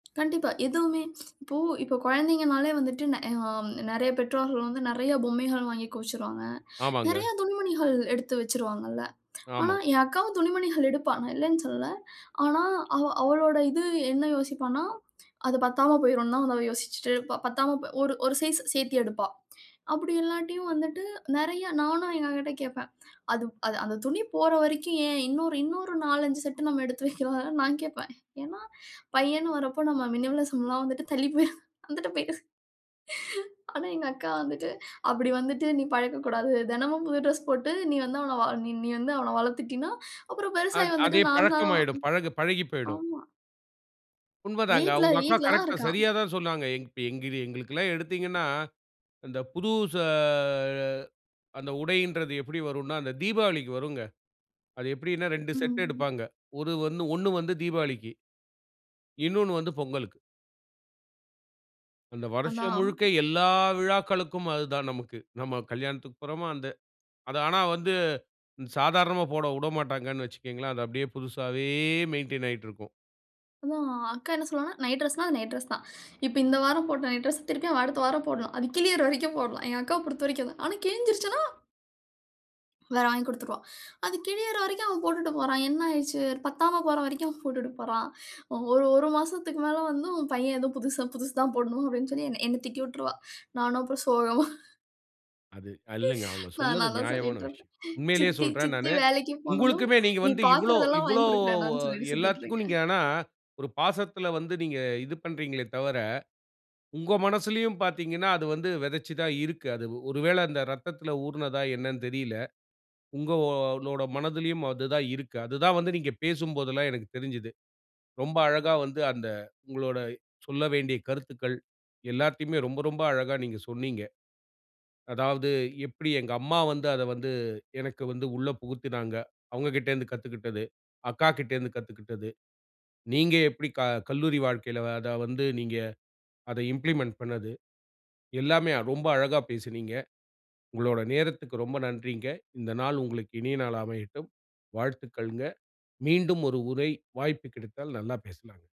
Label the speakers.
Speaker 1: கண்டிப்பா. எதுவுமே. இப்போ இப்போ குழந்தைங்கன்னாலே வந்துட்டு நெ அ, நெறைய பெற்றோர்கள் வந்து நெறைய பொம்மைகள் வாங்கி குவிச்சிருவாங்க. நெறைய
Speaker 2: ஆமாங்க.
Speaker 1: துணிமணிகள் எடுத்து வச்சிருவாங்க இல்ல. ஆனா
Speaker 2: ஆமா.
Speaker 1: என் அக்காவும் துணிமணிகள் எடுப்பா. நான் இல்லன்னு சொல்லல. ஆனா அவ அவளோட இது என்ன யோசிப்பான்னா, அது பத்தாம போயிரும்னு தான் அவ யோசிச்சிட்டு இருப்ப பத்தாம போ ஒரு ஒரு சைஸ் சேத்தி எடுப்பா. அப்டி இல்லாட்டியும் வந்துட்டு நெறைய நானும் எங்க அக்கா கிட்ட கேப்பேன். அது அது அந்தத் துணி போற வரைக்கும் ஏன் இன்னொரு இன்னொரு 4, 5 செட் நம்ம எடுத்து வைக்கக்லாம் இல்ல நான் கேப்பேன். ஏன்னா பையன்னு வர்றப்போ நம்ம மினிமலிசம்லாம் வந்துட்டு தள்ளிப் போயிரும். வந்துட்டு போயி. ஆனா எங்க அக்கா வந்துட்டு அப்டி வந்துட்டு நீ பழகக் கூடாது. தினமும் புது டிரஸ் போட்டு நீ வந்து அவன வா நீ நீ வந்து அவன வளத்துட்டீன்னா? அப்றம் பெருசாயி
Speaker 2: அத்
Speaker 1: வந்துட்டு
Speaker 2: அதே
Speaker 1: நான் தான்?
Speaker 2: பழக்கம் ஆயிடும். பழகு பழகிப் போயிடும்.
Speaker 1: ஆமா.
Speaker 2: உண்மதாங்க.
Speaker 1: வீட்ல
Speaker 2: உங்க அக்கா
Speaker 1: வீட்ல தான்
Speaker 2: கரெக்ட்டா
Speaker 1: இருக்கான்.
Speaker 2: சரியா தான் சொன்னாங்க. எங் எங்கிரி எங்களுக்குலாம் எடுத்தீங்கன்னா அந்தப் புதுசு ஆ அந்த உடையின்றது எப்டி வரும்னா, அந்தத் தீபாவளிக்கு வருங்க. அது எப்டின்னா 2 செட்டு
Speaker 1: ம்.
Speaker 2: எடுப்பாங்க. ஒரு வந்து ஒண்ணு வந்து தீபாளிக்கி. இன்னொன்னு வந்து பொங்கலுக்கு. அந்த வருஷம்
Speaker 1: அதான்.
Speaker 2: முழுக்க எல்லா விழாக்களுக்கும் அது தான் நமக்கு. நம்ம கல்யாணத்துக்குப் போறமா அந்த அது ஆனா வந்து சாதாரணமா போடவுடமாட்டாங்கன்னு வச்சுக்குங்களேன். அது அப்டியே புதுசாவே மெயின்டய்ன் ஆயிட்டு இருக்கும்.
Speaker 1: அதான் அக்கா என்ன சொல்லுவான்னா நைட் டிரஸ்னா அது நைட் டிரஸ்னா தான். இப்ப இந்த வாரம் போட்ட நைட் டிரஸ்னா திருப்பியும் அவன் அடுத்த வாரம் போடணும். அது கிழியற வரைக்கும் போடலாம். எங்க அக்காவ பொறுத்தவரைக்கும் அதான். ஆனா கிழிஞ்சிருச்சுன்னா? வேற வாங்கி குடுத்துருவா. அது கிழியற வரைக்கும், அவன் போட்டுட்டு போறான். என்ன ஆயிடுச்சு? பத்தாம போற வரைக்கும் அவன் போட்டுட்டு போறான். ஒரு, 1 மாசத்துக்கு மேல வந்து உன் பையன் ஏதோ புதுச புதுசு தான் போடணும் அப்டின்னு சொல்லி என்ன என்னத் திட்டி விட்டுருவா. நானும் அப்றம் சோகமா.
Speaker 2: அது இல்லங்க. அவங்க
Speaker 1: நான்
Speaker 2: சொன்னது
Speaker 1: அதனாலதான்
Speaker 2: நியாயமான
Speaker 1: சொல்லிட்டு
Speaker 2: விஷயம்.
Speaker 1: இருப்பான்.
Speaker 2: உண்மையிலேயே
Speaker 1: சித்தி
Speaker 2: சொல்றேன்
Speaker 1: சித்தி
Speaker 2: நானு.
Speaker 1: வேலைக்குப் போனதும்,
Speaker 2: உங்களுக்குமே நீங்க
Speaker 1: நீ
Speaker 2: வந்து இவ்ளோ
Speaker 1: பாக்கறதேலாம்
Speaker 2: இவ்ளோ
Speaker 1: வாங்கிக் குடுக்கிறேன்டான்னு சொல்லிட்டு சுத்திட்டு
Speaker 2: எல்லாத்துக்கும் நீங்க
Speaker 1: இருக்கேன்.
Speaker 2: ஆனா ஒரு பாசத்துல வந்து நீங்க இது பண்றீங்களே தவிர, உங்க மனசுலயும் பாத்தீங்கன்னா அது வந்து விதைச்சு தான் இருக்கு. அது ஒரு வேள அந்த ரத்தத்துல ஊறுனதா என்னன்னு தெரியல. உங்களோட மனதிலயும் அது தான் இருக்கு. அது தான் வந்து நீங்கப் பேசும்போதுலாம் எனக்குத் தெரிஞ்சது. ரொம்ப அழகா வந்து அந்த உங்களோட சொல்ல வேண்டிய கருத்துக்கள் எல்லாத்தையுமே ரொம்ப ரொம்ப அழகா நீங்கச் சொன்னீங்க. அதாவது எப்டி எங்க அம்மா வந்து அத வந்து எனக்கு வந்து உள்ள புகுத்துனாங்க. அவங்க கிட்டந்து கத்துக்கிட்டது. அக்கா கிட்டந்து கத்துக்கிட்டது. நீங்க எப்டி க கல்லூரி வாழ்க்கையில அதா வந்து நீங்க அத இம்பிலிமெண்ட் பண்ணுது. எல்லாமே ரொம்ப அழகா பேசுனீங்க. உங்களோட நேரத்துக்கு ரொம்ப நன்றிங்க. இந்த நாள் உங்களுக்கு இனிய நாள் அமையட்டும். வாழ்த்துக்கள்ங்க. மீண்டும் ஒரு உரை வாய்ப்பு கிடைத்தால் நல்லா பேசலாம்ங்க.